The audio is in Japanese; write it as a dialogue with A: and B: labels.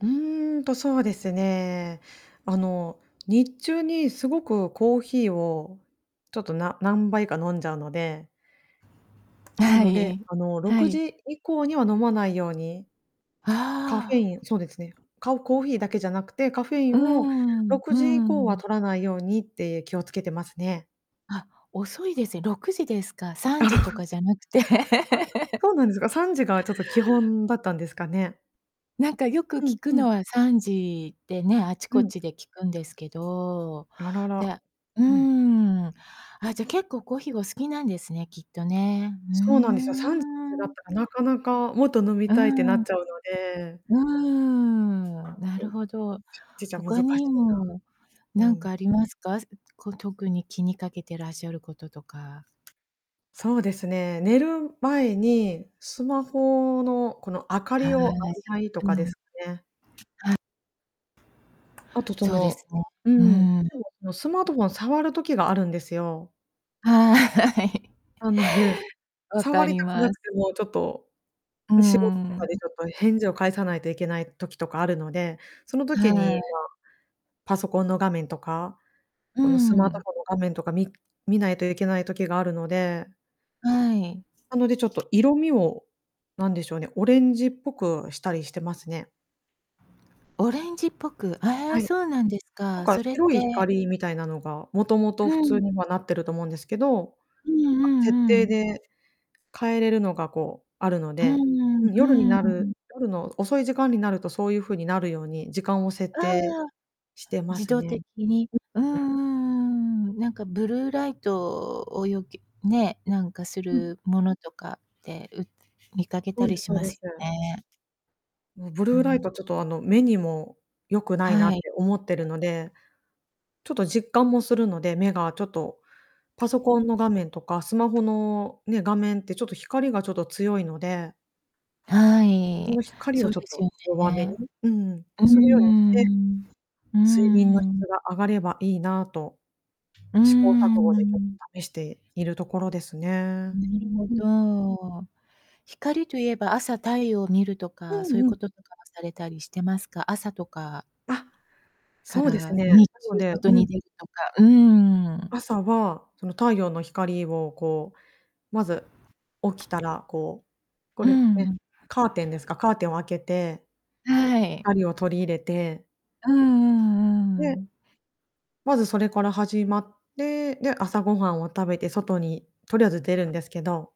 A: うーんとそうですね。あの日中にすごくコーヒーをちょっとな何杯か飲んじゃうので。な
B: は
A: ので、
B: い。
A: あの、ろ
B: は
A: く
B: い。
A: じ以降には飲まないように。カフェ
B: あ
A: イ
B: あ。
A: ン、そうですね、かコーヒーだけじゃなくて、カフェイ
B: うー
A: ンを
B: ん、
A: ろ
B: う
A: くじ以降
B: ー
A: は
B: ん。
A: 摂らないようにって気をつけてますね。
B: あ、遅いですね。6時ですか、さん
A: なる
B: じ
A: ほ
B: と
A: ど。
B: かじゃなくて。
A: あ、そうなんですか、3時がちょっと基本だったんですかね。
B: なんかよく
A: うん
B: 聞く
A: うん。
B: のは3時でね、あち
A: う
B: こ
A: ん。
B: ちで聞くんですけど、
A: あらら、
B: で、う
A: うん。
B: ん、あじゃ結構コーヒーお好きなんですね、きっとね。う
A: そうなんですよ、3 [unintelligible] だ
B: ー
A: っ
B: ん。
A: たらなかなかもっと飲み
B: う
A: たいってな
B: んうん。
A: っちゃうので
B: うーん。なる
A: [unintelligible]
B: ほど。
A: じちゃ難し
B: 他
A: い
B: にも
A: な。う
B: 何
A: ん。
B: かありますか？こう特に気にかけてらっしゃることとか。
A: そうですね、寝る前にスマホのこの明か
B: はい、
A: りを浴びたいと
B: う
A: かで
B: ん。
A: すかね。
B: は。
A: あとそ
B: そうです
A: の、
B: ね。
A: う
B: う
A: ん、で
B: ん。
A: もそのスマートフォンを触る時があるんですよ。
B: はい。
A: なので、
B: わ
A: 触
B: か
A: り
B: り
A: たく
B: ま
A: な
B: す。
A: くてもちょっと
B: うー
A: 仕事と
B: ん、
A: かで
B: う。
A: ちょっと返事を返さないといけない時とかあるので、その時
B: は
A: に
B: い。
A: まあ、パソコンの画面とか、
B: う
A: このスマート
B: ん。
A: フォンの画面とかみ見ないといけない時があるので
B: はい。
A: なので、ちょっと色味を、何でしょうね、オレンジっぽくしたりしてますね。
B: オレンジっぽく、ええ、
A: はい。
B: そうなんです
A: なん
B: か。
A: か
B: それっ
A: 白い
B: て。
A: 光みたいなのが、もともと普
B: う
A: 通
B: ん。
A: にはなってると思うんですけど、
B: うん
A: なん
B: う
A: か設
B: んう
A: 定
B: ん。
A: で変えれるのがこうあるの
B: う
A: で、
B: ん
A: うん、
B: う
A: 夜に
B: ん、うんうん
A: な
B: うん。
A: る夜の遅い時間になるとそういう風になるように時間を設
B: あ
A: 定
B: あ、
A: してま
B: 自
A: す
B: 動
A: ね。
B: 的に。
A: うん
B: うんう
A: うん。
B: んうんうん、なんかブルーライトをよき、ね、なんかす
A: うん。
B: るものとか、う見かけ
A: そ
B: た
A: うで
B: り
A: す
B: し
A: そう
B: ま
A: で
B: す
A: す。
B: よね。
A: ブ
B: う
A: ルーライ
B: ん。
A: トちょっとあの、目にも良くないなっ
B: はい。
A: て思ってるので。ちょっと実感もするので、目がちょっとパソコンの画面とか、スマホのね、画面ってちょっと光がちょっと強いので。
B: は
A: そ
B: い。
A: の光
B: そ
A: を
B: う
A: ちょっ
B: です
A: と
B: よ
A: 弱めに、
B: ね。
A: うん、
B: うん
A: するようにし
B: うんう
A: て。
B: ん。うん
A: 睡眠の
B: うんうん。
A: 質が上がればいいなと。
B: う
A: 試行
B: んう
A: 錯誤
B: んう
A: でちょっ
B: ん。
A: と試しているところですね。
B: なるほ
A: うん。
B: ど。光といえば朝太陽を見ると
A: う
B: か、そうい
A: ん
B: う
A: う
B: こ
A: ん。
B: ととかされたりしてますか？朝とか
A: あ、
B: か
A: そうです
B: ら
A: ね、な
B: 日中
A: ので、
B: 外
A: う
B: に
A: ん。
B: 出るとか、うんうん。
A: 朝はその太陽の光をこうまず起きたら、こう、こ
B: う
A: れね、
B: ん。
A: カーテンですかカーテンを開けて。
B: はい。
A: 光を取り入れて
B: うんうんう
A: で。
B: ん。
A: まずそれから始まって、で、朝ごはんを食べて外にとりあえず出るんですけど。